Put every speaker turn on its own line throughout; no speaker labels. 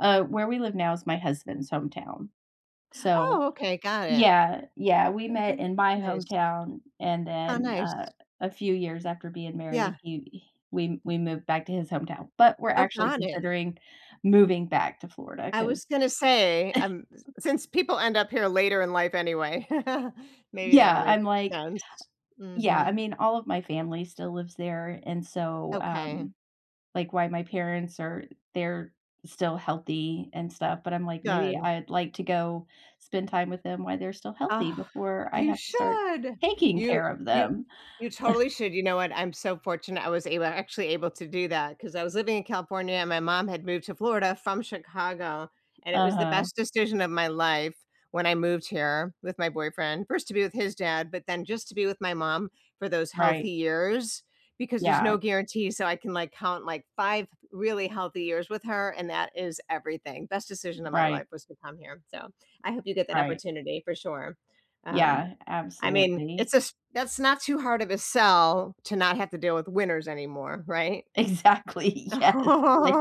Uh, where we live now is my husband's hometown. So
Oh, okay, got it.
Yeah, yeah, we met
[unintelligible]
in my
Nice.
hometown, and
Aw,
then,
nice.
uh, a few years after being married,
Yeah.
he we we moved back to his hometown. But, we're
Oh,
actually
got it.
considering moving back to Florida
I
'cause
was gonna say, um since people end up here later in life anyway. Maybe that'll
Yeah,
make
I'm like
sense.
yeah, I
Mhm.
mean, all of my family still lives there. And so,
Okay.
um like, while my parents are they're still healthy and stuff, but I'm like, maybe
Good.
I'd like to go spend time with them while they're still healthy
Ah,
before I
you
have to start
should!
taking
you
care of
you
them.
you totally should you know what? I'm so fortunate I was able a actually able to do that, 'cause I was living in California and my mom had moved to Florida from Chicago, and it was the
Uh-huh.
best decision of my life when I moved here with my boyfriend. First, to be with his dad, but then just to be with my mom for those healthy
Right.
years, because there's
Yeah.
no guarantee, so, I can, like, count like 5 really healthy years with her, and that is everything. Best decision of my
Right.
life was to come here, so, I hope you get that
Right.
opportunity, for sure. Um,
Yeah,
I mean,
absolutely.
it's a s that's not too hard of a sell to not have to deal with winters anymore, right?
Exactly, yes, like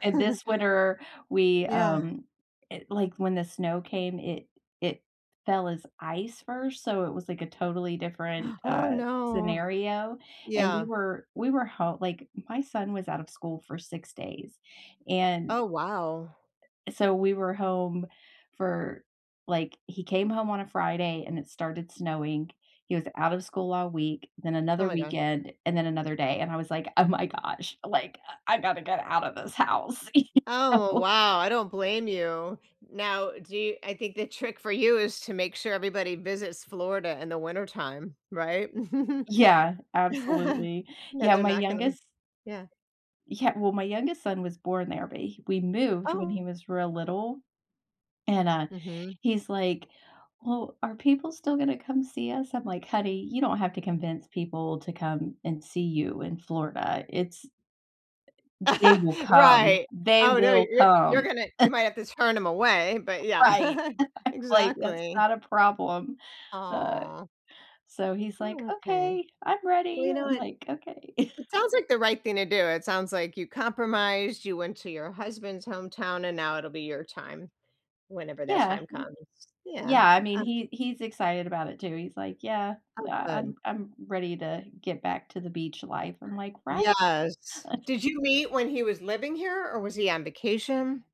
and this winter, we,
Yeah.
um it like when the snow came, it it fell as ice first, so it was, like, a totally different,
Oh,
uh,
no.
scenario, and, we
Yeah.
were we were ho like, my son was out of school for 6 days. And
Oh, wow.
so we were home for like, he came home on a Friday, and it started snowing. He was out of school all week, then
Oh
another
my gosh.
weekend, and then another day. And, I was like, "Oh my gosh," like, "I I gotta get out of this house," you
Oh
know?
wow, I don't blame you. Now do y I think the trick for you is to make sure everybody visits Florida in the wintertime, right?
Yeah, absolutely.
Then
Yeah,
they're
my
not gonna
youngest
yeah.
yeah well, my youngest son was born there, but h we moved when he
Oh.
was real little. And, uh,
Mhm.
he's like, "Well, are people still gonna come see us?" I'm like, "Honey, you don't have to convince people to come and see you in Florida, it's" Uh eh "they will come.
Right.
They
Oh, no,
will
you're you're
come."
gonna you might have to turn 'em away, but yeah.
Right. I'm like, "That's
Exactly.
not a problem." Uh,
Aw.
so he's like,
Oh, okay.
"Okay. I'm
Well,
ready,"
you know
I'm
what?
like, "Okay."
It sounds like the right thing to do, it sounds like you compromised, you went to your husband's hometown, and now it'll be your time, whenever that
Yeah,
time
y
comes. Yeah,
yeah, I mean,
uh
he he's excited about it too, he's like, "Yeah.
Oh,
I I I'm
good.
I'm ready to get back to the beach life," I'm like, "Right?"
Yes. Did you meet when he was living here, or was he on vacation?